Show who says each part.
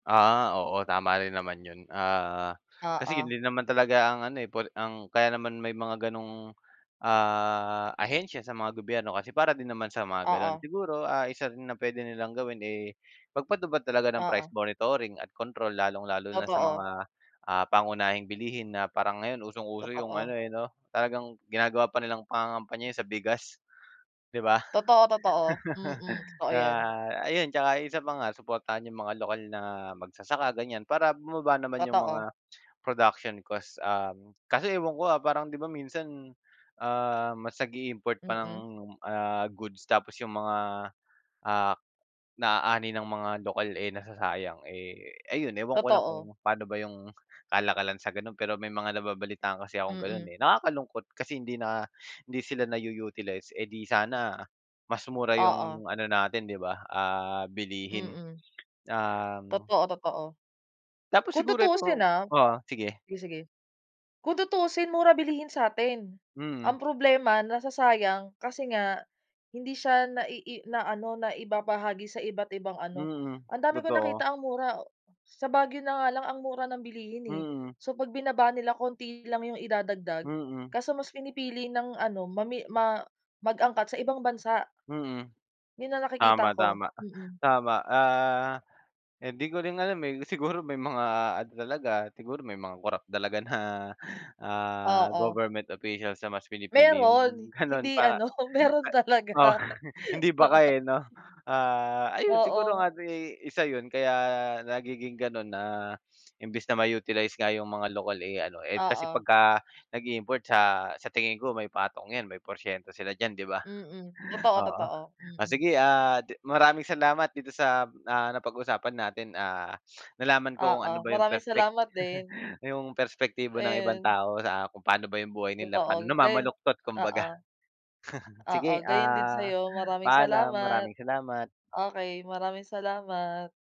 Speaker 1: Ah, oo tama rin naman yun ah, kasi yun
Speaker 2: Oo.
Speaker 1: din naman talaga ang ano eh, por ang kaya naman may mga ganong, ah, ahensya sa mga gobyerno kasi para din naman sa mga ganon
Speaker 2: Oo.
Speaker 1: siguro ah, isa rin na pwede nilang gawin eh, mag-patupad talaga ng price
Speaker 2: Oo.
Speaker 1: monitoring at control lalong-lalo na sa
Speaker 2: Totoo.
Speaker 1: mga, ah, pangunahing bilihin na parang ngayon usong-uso yung ano
Speaker 2: Totoo.
Speaker 1: eh, no, talagang ginagawa pa nilang pangangampanya yun sa bigas, 'di ba?
Speaker 2: Totoo totoo, mm totoo yan.
Speaker 1: Kaya ayun tsaka isa pa nga, suportahan yung mga lokal na mag-sasaka ganyan para bumaba naman yung
Speaker 2: Totoo.
Speaker 1: mga, production cost um, kasi ewan ko ah, parang 'di ba minsan, ah, mas nag-iimport pa ng
Speaker 2: Mm.
Speaker 1: ah, goods tapos yung mga, ah, na-aani ng mga lokal eh, nasasayang eh, ayun ewan ko lang
Speaker 2: Totoo.
Speaker 1: kung paano ba yung kalakalan sa ganon pero may mga nababalitaan kasi akong ganon
Speaker 2: Mm.
Speaker 1: eh, nakaka-lungkot kasi hindi na hindi sila na u utilize eh, di sana, mas mura
Speaker 2: Oo.
Speaker 1: yung ano natin di ba ah, bilihin,
Speaker 2: Mm.
Speaker 1: um
Speaker 2: Totoo, totoo.
Speaker 1: Tapos
Speaker 2: Kung
Speaker 1: siguro
Speaker 2: tutusin
Speaker 1: eto
Speaker 2: ah
Speaker 1: oo, sige.
Speaker 2: sige, sige. Kung tutusin mura bilihin satin.
Speaker 1: Mm.
Speaker 2: Ang problema, nasasayang kasi nga, hindi siya na ii na ano na ibabahagi sa iba't ibang ano,
Speaker 1: Mm,
Speaker 2: ang dami ko
Speaker 1: totoo.
Speaker 2: nakita ang mura sa Baguio na nga lang ang mura ng bilihin eh,
Speaker 1: Mm.
Speaker 2: so pag binaba nila konti lang yung idadagdag,
Speaker 1: Mm.
Speaker 2: kaso mas pinipili ng ano, mami ma mag-angkat sa ibang bansa.
Speaker 1: Mm,
Speaker 2: Yun ang nakikita ko,
Speaker 1: tama-tama
Speaker 2: mm.
Speaker 1: tama ah, hindi ko rin alam eh, siguro may mga ano talaga, siguro may mga corrupt talaga na ah,
Speaker 2: Oo.
Speaker 1: government officials na mas pinipili yung
Speaker 2: Meron,
Speaker 1: ganon
Speaker 2: hindi
Speaker 1: para
Speaker 2: ano, meron
Speaker 1: Oh,
Speaker 2: talaga.
Speaker 1: hindi baka
Speaker 2: Oo.
Speaker 1: eh no? Ah, ayun siguro
Speaker 2: Oo.
Speaker 1: ano eh, isa yun kaya nagiging ganon na imbes na ma utilize nga yung mga local eh, ano eh, kasi
Speaker 2: Oo.
Speaker 1: pagka nag-iimport sa sa tingin ko may patong 'yan, may porsyento sila diyan 'di ba?
Speaker 2: Mm, totoo,
Speaker 1: Oo
Speaker 2: totoo,
Speaker 1: o
Speaker 2: mm.
Speaker 1: sige ah, maraming salamat dito sa ah, napag-usapan natin ah, nalaman ko kung
Speaker 2: Oo
Speaker 1: ano ba yung
Speaker 2: maraming
Speaker 1: perpek
Speaker 2: salamat din.
Speaker 1: yung perspektibo ng ibang
Speaker 2: Ayon.
Speaker 1: tao sa kung paano ba yung buhay nila paano
Speaker 2: Totoo gayon
Speaker 1: namamaluktot kumbaga.
Speaker 2: oo.
Speaker 1: Sige
Speaker 2: Oo gayon din
Speaker 1: ah,
Speaker 2: sayo, maraming
Speaker 1: paalam
Speaker 2: salamat.
Speaker 1: maraming salamat.
Speaker 2: Okey maraming salamat.